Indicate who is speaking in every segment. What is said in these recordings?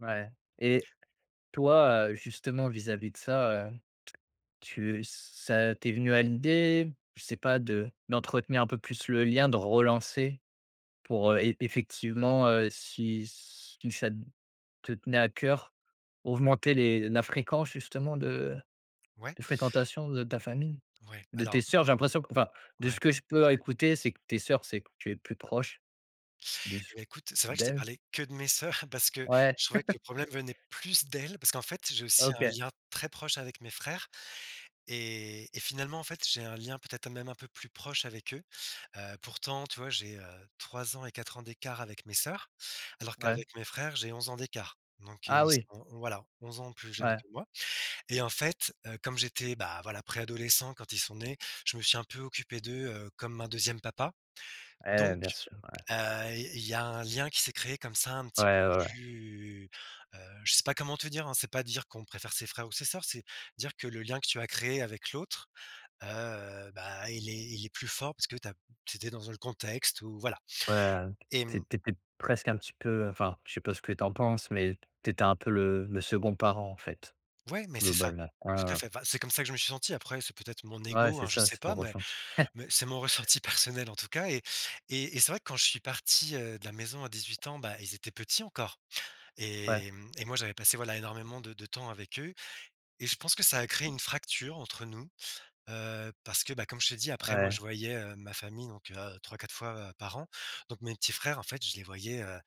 Speaker 1: Ouais. Et toi, heu, justement vis-à-vis de ça, heu t tu ç ça t'es venu à l'idée, je sais pas, de d'entretenir un peu plus le lien, de relancer pour, heu, e effectivement, heu, si si ça te tenait à cœur, augmenter les la fréquence justement de
Speaker 2: Ouais.
Speaker 1: de fréquentation de ta famille,
Speaker 2: Ouais,
Speaker 1: de tes
Speaker 2: alors
Speaker 1: sœurs? J'ai l'impression enfin, de
Speaker 2: Ouais.
Speaker 1: ce que je peux écouter, c'est que tes sœurs, c'est que tu es plus proche, de
Speaker 2: Et
Speaker 1: s
Speaker 2: bah, écoute, c'est vrai que je t'ai
Speaker 1: d'elles.
Speaker 2: parlé que de mes sœurs, parce que
Speaker 1: Ouais!
Speaker 2: je trouvais que le problème venait plus d'elles. Parce qu'en fait j'ai aussi un
Speaker 1: OK.
Speaker 2: lien très proche avec mes frères. Et et finalement en fait, j'ai un lien peut-être même un peu plus proche avec eux. Heu, pourtant tu vois j'ai, heu, 3 ans et 4 ans d'écart avec mes sœurs, alors
Speaker 1: Ouais.
Speaker 2: qu'avec mes frères j'ai 11 ans d'écart. Donc, heu,
Speaker 1: Ah
Speaker 2: ils
Speaker 1: oui!
Speaker 2: sont voilà, 11 ans plus jeunes
Speaker 1: Ouais.
Speaker 2: que moi. Et en fait, heu, comme j'étais, bah voilà préadolescent quand ils sont nés, je me suis un peu occupé d'eux, heu, comme un 2e papa.
Speaker 1: Ouais,
Speaker 2: Donc,
Speaker 1: bien sûr! Ouais.
Speaker 2: il il y a un lien qui s'est créé comme ça un petit peu
Speaker 1: Ouais, ouais.
Speaker 2: plus, heu, je sais pas comment te dire, hein, c'est pas dire qu'on préfère ses frères ou ses sœurs, c'est dire que le lien que tu as créé avec l'autre, heu, bah il est il est plus fort parce que tu as c'était dans un contexte où voilà.
Speaker 1: Ouais,
Speaker 2: Et mmh
Speaker 1: c'est t'étais presque un petit peu, heu enfin, je sais pas ce que tu en penses, mais t'étais un peu le le second parent, en fait?
Speaker 2: Ouais, mais c'est ça,
Speaker 1: Globalement. Ouais,
Speaker 2: tout
Speaker 1: ouais,
Speaker 2: à
Speaker 1: ouais.
Speaker 2: fait! Enfin, c'est comme ça que je me suis senti, après, c'est peut-être mon
Speaker 1: Ouais,
Speaker 2: ego,
Speaker 1: c'est
Speaker 2: hein, je
Speaker 1: ça,
Speaker 2: sais
Speaker 1: c'est ton
Speaker 2: pas, mais
Speaker 1: ressenti.
Speaker 2: mais c'est mon ressenti personnel, en tout cas. Et et et c'est vrai que quand je suis parti, heu, de la maison à 18 ans, bah, ils étaient petits encore
Speaker 1: Ouais.
Speaker 2: et mmh et moi j'avais passé, voilà, énormément de de temps avec eux. Et je pense que ça a créé une fracture entre nous, heu, parce que, bah comme je t'ai dit après moi je
Speaker 1: Ouais.
Speaker 2: voyais, heu, ma famille donc, heu, 3-4 fois par an. Donc, mes petits frères en fait, je les voyais, heu,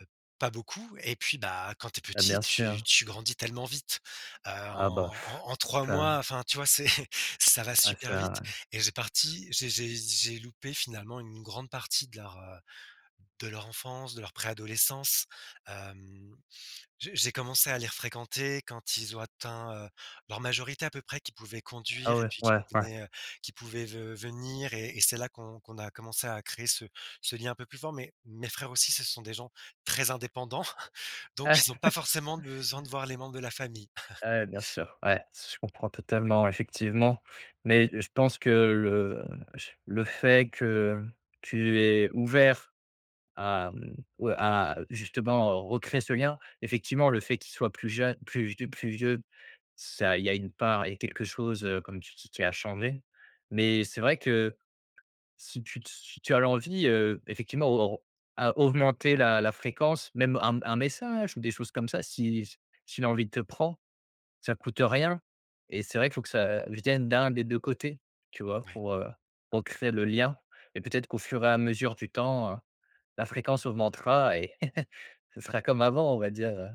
Speaker 2: heu, pas beaucoup et puis, bah, quand tu es
Speaker 1: Bah,
Speaker 2: petit,
Speaker 1: bien
Speaker 2: tu
Speaker 1: sûr.
Speaker 2: tu grandis tellement vite, heu,
Speaker 1: Ah bah,
Speaker 2: en en en 3 mois,
Speaker 1: ça!
Speaker 2: enfin tu vois? C'est ça va
Speaker 1: Ah ça!
Speaker 2: super vite
Speaker 1: Ouais.
Speaker 2: et j'ai parti j'ai j'ai j'ai loupé finalement une grande partie de leur, heu, de leur enfance, de leur préadolescence. Hem, je j'ai commencé à les refréquenter quand ils ont atteint, heu, leur majorité à peu près, qu'ils pouvaient conduire
Speaker 1: Ah
Speaker 2: et
Speaker 1: ouais,
Speaker 2: puis qu'ils
Speaker 1: ouais, ouais.
Speaker 2: venaient qu'ils pouvaient ve venir et et c'est là qu'on qu'on a commencé à créer ce ce lien un peu plus fort. Mais, mes frères aussi, ce sont des gens très indépendants, donc ils ont pas forcément besoin de voir les membres de la famille.
Speaker 1: Ouais, ouais, bien sûr! Ouais, s je comprends totalement. Effectivement. Mais, je pense que le j le fait que hem, tu es ouvert à, mmh ou à justement recréer ce lien, effectivement le fait qu'ils soient plus jeunes plus vie plus vieux, ça il y a une part, il y a quelque chose, heu, comme tu dis, qui a changé. Mais c'est vrai que si tu te s si tu as l'envie, heu, effectivement au au r à augmenter la la fréquence, même un m un message, ou des choses comme ça, si si l'envie te prend, ça coûte rien. Et c'est vrai qu'il faut que ça vienne d'un des 2 côtés, tu vois?
Speaker 2: Mouais.
Speaker 1: pour, heu, pour créer le lien. Et peut être qu'au fur et à mesure du temps, heu, la fréquence augmentera et ce sera comme avant on va dire, heu.